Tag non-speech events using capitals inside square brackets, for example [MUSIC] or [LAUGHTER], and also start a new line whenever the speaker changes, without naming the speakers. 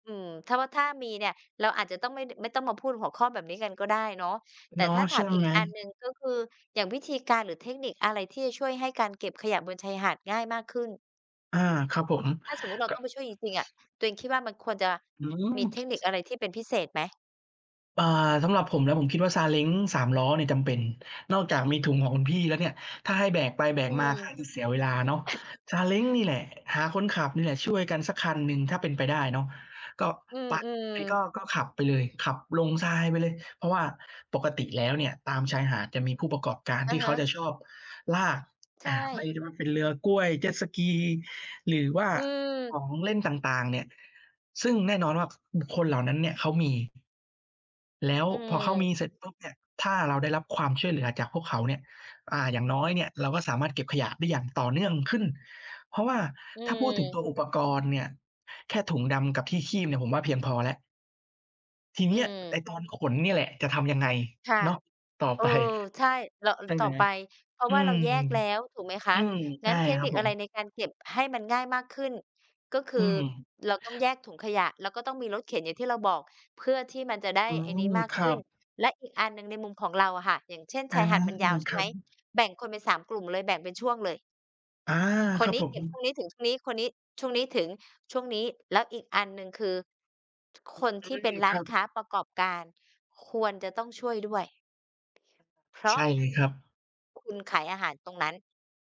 อืม ถ้า ว ถ้ามีเนี่ย เราอาจจะต้องไม่ ด ไม่ต้องมาพูดหัวข้อแบบนี้กันก็ได้เนาะ แต่
เนาะ
ถ้าถ
ใช
า
่
มอี
ไห
ก
ม
อันหนึ่ง ก็คืออย่างวิธีการหรือเทคนิคอะไรที่จะช่วยให้การเก็บขยะบนชายหาดง่ายมากขึ้น?
อา ครับผม
ถ้าสมมุติเร
ก
า
็
ต้องไปช่วยจริง ๆ อะ ตัวเองคิดว่ามันควรจะ
อื
มีเทคนิค
ม
อะไรที่เป็นพิเศษไหม?
อ่า สำหรับผมนะผมคิดว่าซาเล้ง สามล้อเนี่ยจำเป็น นอกจากมีถุงของคุณพี่แล้วเนี่ย ถ้าให้แบกไปแบ
อื
กมา
ม
ก็อาจจะเสียเวลาเนาะ
[SNEEZES]
ซาเล้งนี่แหละ หาคนขับนี่แหละ ช่วยกันสักคันหนึ่งถ้าเป็นไปได้เนาะ ก็
อื
ไ
ม
ป ก็
ๆ
ก็ขับไปเลย ขับลงทรายไปเลย เพราะว่าปกติแล้วเนี่ยตามชายหาดจะมีผู้ประกอบการ
อ
ท
ะ
ี่เ
ฮ
ขาจ
ะ
ะชอบลาก
ใช
อ่า ไม่
่
รู้เป็นเรือกล้วย เจ็ตสกี หรือว่า
อื
ข
ม
องเล่นต่าง ๆ เนี่ย ซึ่งแน่นอนว่า บุคคลเหล่านั้นเนี่ยเขามี แล้ว
อื
พอเขา
ม
มี เสร็จปุ๊บเนี่ย ถ้าเราได้รับความช่วยเหลือจากพวกเขาเนี่ย อ่า อย่างน้อยเนี่ยเราก็สามารถเก็บขยะได้อย่างต่อเนื่องขึ้น เพราะว่า
อื
ถ้าพูดถึงตั
ม
วอุปกรณ์เนี่ย แค่ถุงดำกับที่คีบเนี่ยผมว่าเพียงพอแล้ว ที่เ
อ
น
ื
ี้ย
ม
ไอ้ตอนขนนี่แหละจะทำยังไง
ค่ะ
เนาะ ต่อ
เอ
ไป
อ ใช่ แล้ว อ
ใช่ไ
ต
ห
่
ม?
อไป เพราะ
อื
ว่าเร
ม
าแยกแล้วถูกไหมค
อื
ะ
ม ใ
ง
ช
ั้
่
นเทค
ครั
น
บ
ิค
ผ
อะไร
ม
ในการเก็บให้มันง่ายมากขึ้น ก็ค
อ
ื
ื
อ
ม
เราต้องแยกถุงขยะ แล้วก็ต้องมีรถเข็นอย่างที่เราบอก เพื่อที่มันจะได้
อื
ไอ้นี
ม
้มาก
ค
ข
รั
ึ้น
บ
และอีกอันหนึ่งในมุมของเราอะค่ะ อย่างเช่น
อ
ช
า
ายหาดมันยาวใช
ค
่
ร
ไ
ั
หม
บ
แบ่งคนเป็น 3 กลุ่มเลยแบ่งเป็นช่วงเลย
อา
ค
คร
น
ับ
นี้
ผ
เก
ม
็บช่วงนี้ถึงช่วงนี้ คนนี้ช่วงนี้ถึงช่วงนี้ แล้วอีกอันหนึ่งคือ ท คน
อ
ท
ื
ี่เป
ม
็นร้
ค
า
ร
น
ับ
ค้าประกอบการควรจะต้องช่วยด้วย เพร
ใ
า
ช
ะ
่เลยครับ
คุณขายอาหารตรงนั้น